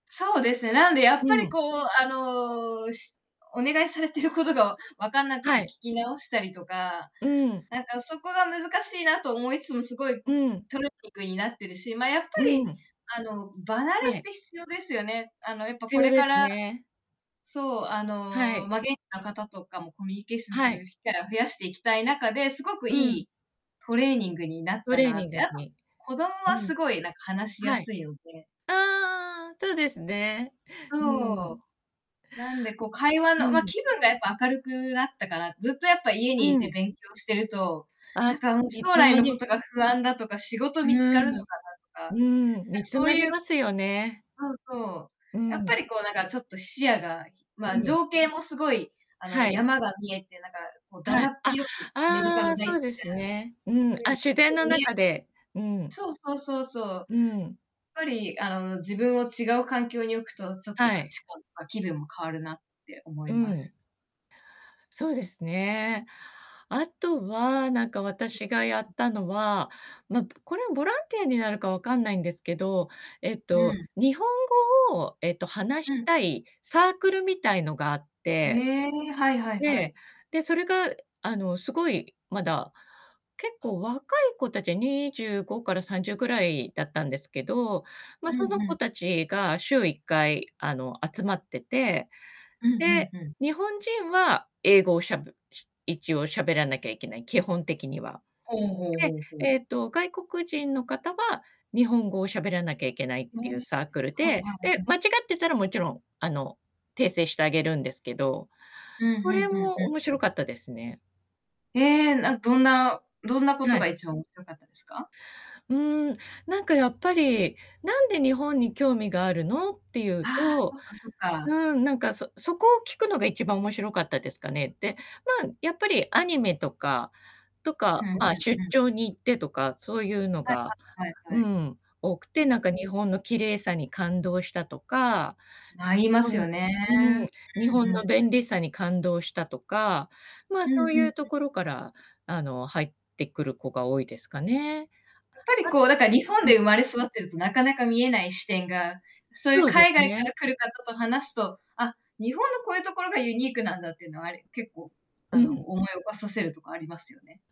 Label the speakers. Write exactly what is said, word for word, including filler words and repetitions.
Speaker 1: そうですね。なんでやっ
Speaker 2: う
Speaker 1: ぱり
Speaker 2: ん。
Speaker 1: こう、あの、しお願いされてることがわかんなく
Speaker 2: は
Speaker 1: て聞
Speaker 2: い。
Speaker 1: き直したりとか、
Speaker 2: うん。
Speaker 1: なんかそこが難しいなと思いつつも、すごい
Speaker 2: うん。
Speaker 1: トレーニングになってるし、ま、やっぱ
Speaker 2: う
Speaker 1: り、
Speaker 2: ん。
Speaker 1: あの、場慣れ
Speaker 2: は
Speaker 1: っ
Speaker 2: い。
Speaker 1: て必要ですよね。あの、やっぱ
Speaker 2: 必
Speaker 1: こ
Speaker 2: 要
Speaker 1: れ
Speaker 2: で
Speaker 1: か
Speaker 2: す
Speaker 1: ら
Speaker 2: ね。
Speaker 1: そう、あ
Speaker 2: は
Speaker 1: の、
Speaker 2: い。
Speaker 1: まあ現地の方とかもコミュニケーションす
Speaker 2: は
Speaker 1: る
Speaker 2: い。
Speaker 1: 機会を増やしていきたい中で、すごく
Speaker 2: う
Speaker 1: い
Speaker 2: ん。
Speaker 1: いトレーニングになっ
Speaker 2: ト
Speaker 1: た
Speaker 2: レー
Speaker 1: な
Speaker 2: ニ
Speaker 1: っ
Speaker 2: ング
Speaker 1: て。あと、
Speaker 2: に、
Speaker 1: 子供
Speaker 2: う
Speaker 1: は
Speaker 2: ん。
Speaker 1: すごいなんか話しや
Speaker 2: はい。
Speaker 1: すいので。
Speaker 2: ああ、そうですね。う
Speaker 1: そう。
Speaker 2: ん。
Speaker 1: なんでこう会話
Speaker 2: う
Speaker 1: のま、
Speaker 2: ん。
Speaker 1: 気分がやっぱ明るくなったから、ずっとやっぱ家
Speaker 2: う
Speaker 1: にいて
Speaker 2: ん。
Speaker 1: 勉強してると、
Speaker 2: あ
Speaker 1: なん
Speaker 2: す
Speaker 1: か
Speaker 2: い
Speaker 1: 将
Speaker 2: つ
Speaker 1: 来
Speaker 2: ま
Speaker 1: のこ
Speaker 2: で
Speaker 1: とが不安だとか、仕事見つか
Speaker 2: う
Speaker 1: るの
Speaker 2: ん。
Speaker 1: かなとか、なんか
Speaker 2: うん、煮詰
Speaker 1: そう
Speaker 2: まり
Speaker 1: いう
Speaker 2: ますよね。
Speaker 1: そうそう。
Speaker 2: う
Speaker 1: やっぱ
Speaker 2: ん。
Speaker 1: りこう、なんかちょっと視野が、
Speaker 2: う
Speaker 1: まあ、
Speaker 2: ん。
Speaker 1: 情景もすごい、あの
Speaker 2: はい。
Speaker 1: 山が見えてなんかこう、だ
Speaker 2: は
Speaker 1: だ
Speaker 2: い。
Speaker 1: っ
Speaker 2: あ、
Speaker 1: 広いアメリカ
Speaker 2: あ
Speaker 1: の
Speaker 2: あ、
Speaker 1: 大地み
Speaker 2: そうですね。うん
Speaker 1: たい
Speaker 2: あ、自然
Speaker 1: な。う
Speaker 2: の
Speaker 1: ん。ん見え
Speaker 2: 中で。うん。
Speaker 1: そうそうそうそう。
Speaker 2: うん。
Speaker 1: ぱり、あの自分を違う環境に置くと、ちょっと
Speaker 2: は
Speaker 1: 価
Speaker 2: い。
Speaker 1: 値観とか気分も変わるなって思
Speaker 2: う
Speaker 1: いま
Speaker 2: ん。
Speaker 1: す。
Speaker 2: そうですね。あとは、なんか私がやっ
Speaker 1: [unintelligible]
Speaker 2: たのは、ま、これボランティアになるか分かんないんですけど、えっ
Speaker 1: う
Speaker 2: と
Speaker 1: ん。
Speaker 2: 日本語を、えっと話
Speaker 1: う
Speaker 2: し
Speaker 1: ん。
Speaker 2: たいサークルみたいのがあっ
Speaker 1: へ
Speaker 2: て、
Speaker 1: え、はいはいは
Speaker 2: で、
Speaker 1: い。
Speaker 2: で、それがあの、すごいまだ、結構若い子達はにじゅうごからさんじゅうぐらいだったんですけど、ま、
Speaker 1: う
Speaker 2: その
Speaker 1: んう
Speaker 2: 子
Speaker 1: ん。
Speaker 2: 達が週いっかい、あの、集まってて、
Speaker 1: うんう
Speaker 2: で、
Speaker 1: んうん。
Speaker 2: 日本人は英語をしゃべ一応喋らなきゃいけない、基本的には。
Speaker 1: ほうほうほうほ
Speaker 2: で、
Speaker 1: う。
Speaker 2: えっと、外国人の方は日本語を喋らなきゃいけないっ
Speaker 1: ね
Speaker 2: ていう
Speaker 1: え、
Speaker 2: サークル
Speaker 1: はい
Speaker 2: で、
Speaker 1: はいはい
Speaker 2: で、
Speaker 1: はい。
Speaker 2: 間違ってたらもちろん、あの、訂正してあげるんですけど、
Speaker 1: うん、
Speaker 2: そ
Speaker 1: ふん
Speaker 2: れ
Speaker 1: ふんふ
Speaker 2: も
Speaker 1: ん
Speaker 2: 面
Speaker 1: ふ
Speaker 2: 白
Speaker 1: ん。
Speaker 2: かったですね。
Speaker 1: へえ、なんどんなどんなこ
Speaker 2: は
Speaker 1: と
Speaker 2: い。
Speaker 1: が一番面白かったですか？
Speaker 2: うん、なんかやっぱり、何で日本に興味があるの？っていう
Speaker 1: ああ、
Speaker 2: と、
Speaker 1: そっかそっか。
Speaker 2: うん、何かそそこを聞くのが一番面白かったですかね。で、まあ、やっぱりアニメとか、と
Speaker 1: ふ
Speaker 2: か
Speaker 1: ん
Speaker 2: まあ、
Speaker 1: ふん
Speaker 2: 出
Speaker 1: ふん。
Speaker 2: 張に行ってとか、そういうの
Speaker 1: はい、
Speaker 2: が、
Speaker 1: ははいは
Speaker 2: う
Speaker 1: い。
Speaker 2: ん、多くて、なんか日本の綺麗さに感動したとか、
Speaker 1: あいますよね。
Speaker 2: う
Speaker 1: う
Speaker 2: ん、うん、
Speaker 1: ん
Speaker 2: 日本
Speaker 1: うんう
Speaker 2: の
Speaker 1: ん。
Speaker 2: 便利さに感動したとか、まあ、
Speaker 1: うんう
Speaker 2: そうい
Speaker 1: ん
Speaker 2: うと
Speaker 1: うん。
Speaker 2: ころから、あの、入ってくる子が多いですかね。
Speaker 1: やっぱり
Speaker 2: あ
Speaker 1: こう、
Speaker 2: と
Speaker 1: だから日本
Speaker 2: うん。
Speaker 1: で生まれ育ってると、なかなか見えない視点が、そういう
Speaker 2: そうです
Speaker 1: 海外か
Speaker 2: ね。
Speaker 1: ら来る方と話すと、あ、日本のこういうところがユニークなんだっていうのはあれ、結構
Speaker 2: う
Speaker 1: あの、
Speaker 2: ん。
Speaker 1: 思い起こさせるとこありますよね。